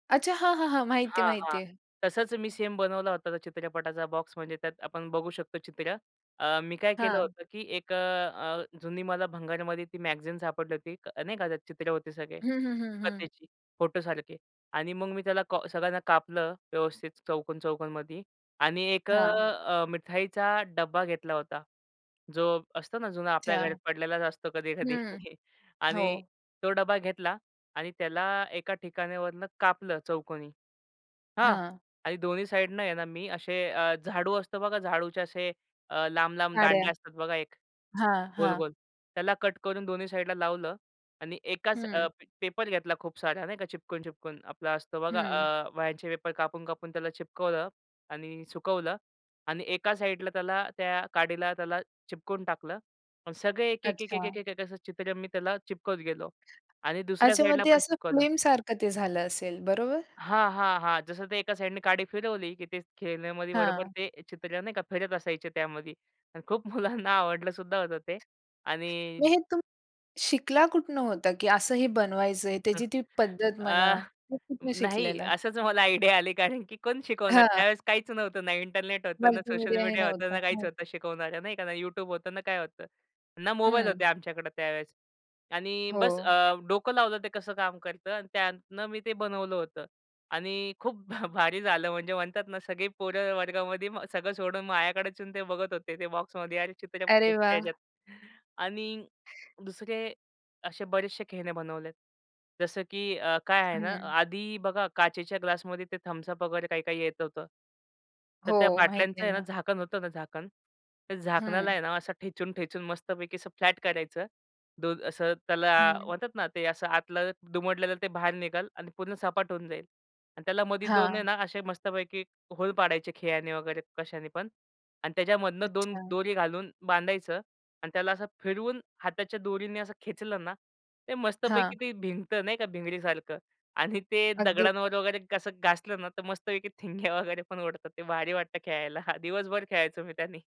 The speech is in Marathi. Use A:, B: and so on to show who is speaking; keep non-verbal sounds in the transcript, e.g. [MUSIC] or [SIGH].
A: अच्छा. हां, हां, हां. माहिती आहे,
B: हां, हां.
A: माहिती आहे.
B: तसंच मी सेम बनवला होता. त्या चित्रपटाचा बॉक्स म्हणजे त्यात आपण बघू शकतो चित्रं. अ, मी काय केलं
A: हां.
B: होतं, की एक अ, अ, जुनी मला भंगारामध्ये ती मॅगझीन सापडली होती, नाही का, त्यात अनेक चित्र होते सगळे
A: हं, हं, हं, हं.
B: कथेची, फोटोसारखी. आणि मग मी त्याला का सगळ्यांना कापलं व्यवस्थित चौकोन-चौकोनमध्ये. आणि एक अ,
A: हां.
B: अ, मिठाईचा डब्बा घेतला होता. जो असतो ना जुना आपल्या घरात
A: अच्छा.
B: पडलेलाच असतो कधी-कधी.
A: हं.
B: आणि
A: हो.
B: तो डबा घेतला आणि त्याला एका ठिकाणावरनं कापलं चौकोनी, हां?
A: हां.
B: आणि दोन्ही साइडनं आहे ना मी असे अ, झाडू असतं बघा, झाडूचे असे अ, लांब-लांब
A: काड्या.
B: दांड्या असतात बघा एक,
A: हां, हां.
B: गोल-गोल. त्याला कट करून दोन्ही साइडला लावलं आणि एकाच अ,
A: हं.
B: पेपर घेतला खूप सारा नाही का चिकटवून-चिकटवून आपला असतो बघा
A: हं.
B: आ वह्यांचे पेपर कापून-कापून त्याला चिकटवलं आणि सुकवलं आणि एका साइडला त्याला, त्या काडीला त्याला चिकटवून टाकलं. अन् सगळे एक-एक, एक-एक,
A: अच्छा.
B: एक-एक, एक असं चित्र मी त्याला चिकटवत गेलो. आणि दुसऱ्या
A: अच्छा, मग
B: साइडला
A: ते
B: पण
A: असं
B: चिकटवलं.
A: फ्लीम सारखं ते झालं असेल, बरोबर?
B: हां, हां, हां. जसं ते एका साइडनी काडी फिरवली, की ते खेळण्यामध्ये बरोबर
A: हां.
B: ते चित्र, नाही का, फिरत असायचे त्यामध्ये आणि खूप मुलांना आवडलं सुद्धा होतं ते
A: मग
B: आणि
A: हे तुम शिकला कुठनं होता? की असं हे बनवायचंय, त्याची
B: [CHUCKLES]
A: ती पद्धत म्हणा,
B: अ,
A: हे कुठनं
B: नाही.
A: शिकलेला?
B: असंच मला आयडिया आली कारण की कोण शिकवणार?
A: हां.
B: त्यावेळेस काहीच नव्हतं. ना इंटरनेट होतं, ना सोशल
A: मल्टीमीडियाही
B: मीडिया होतं,
A: नव्हतं.
B: ना काहीच
A: हं.
B: होतं शिकवणाऱ्या, नाही का? ना YouTube होतं, ना काय होतं. ना मोबाईल
A: हं.
B: होते आमच्याकडं त्यावेळेस. आणि बस अ,
A: हो.
B: डोकं लावलं ते कसं काम करतं आणि त्यातून मी ते बनवलं होतं आणि खूप भ भारी झालं म्हणजे म्हणतात ना सगळी पोरं वर्गामध्ये व सगळं सोडून माझ्याकडेच येऊन ते बघत होते ते बॉक्समध्ये, "अरे चित्रं
A: अरे
B: [UNINTELLIGIBLE]
A: वाह!
B: ह्याच्यात" आणि दुसरे असे बरेचसे खेळणे बनवले आहेत. जसं की अ, काय आहे ना,
A: हं.
B: आधी बघा काचेच्या ग्लासमध्ये ते Thums Up वगैरे काही-काही येत होतं. तर त्या
A: हो. माहितीये
B: बाटल्यांचं आहे ना,
A: ना.
B: झाकण होतं ना झाकण, त्या
A: हं.
B: झाकणाला आहे ना असं ठेचून-ठेचून मस्तपैकी असं फ्लॅट करायचं. दो असं त्याला
A: हं.
B: म्हणतात ना ते असं आतलं दुमडलेलं ते बाहेर निघेल आणि पूर्ण सपाट होऊन जाईल. आणि त्याला मध्ये 2 आहे
A: हां.
B: ना असे मस्तपैकी होल पाडायचे खिळ्याने वगैरे कशानेपण आणि त्याच्यामधनं 2
A: अच्छा.
B: दोरी घालून बांधायचं आणि त्याला असं फिरवून हाताच्या दोरीने असं खेचलं ना, ते
A: हां.
B: मस्तपैकी ते भिंगतं, नाही का, भिंगरीसारखं. आणि ते
A: अगदी.
B: दगडांवर वगैरे कसं घासलं ना तर मस्तपैकी ठिणग्या वगैरे पण उडतात. ते भारी वाटतं खेळायला. हां, दिवसभर खेळायचो मी त्यानी.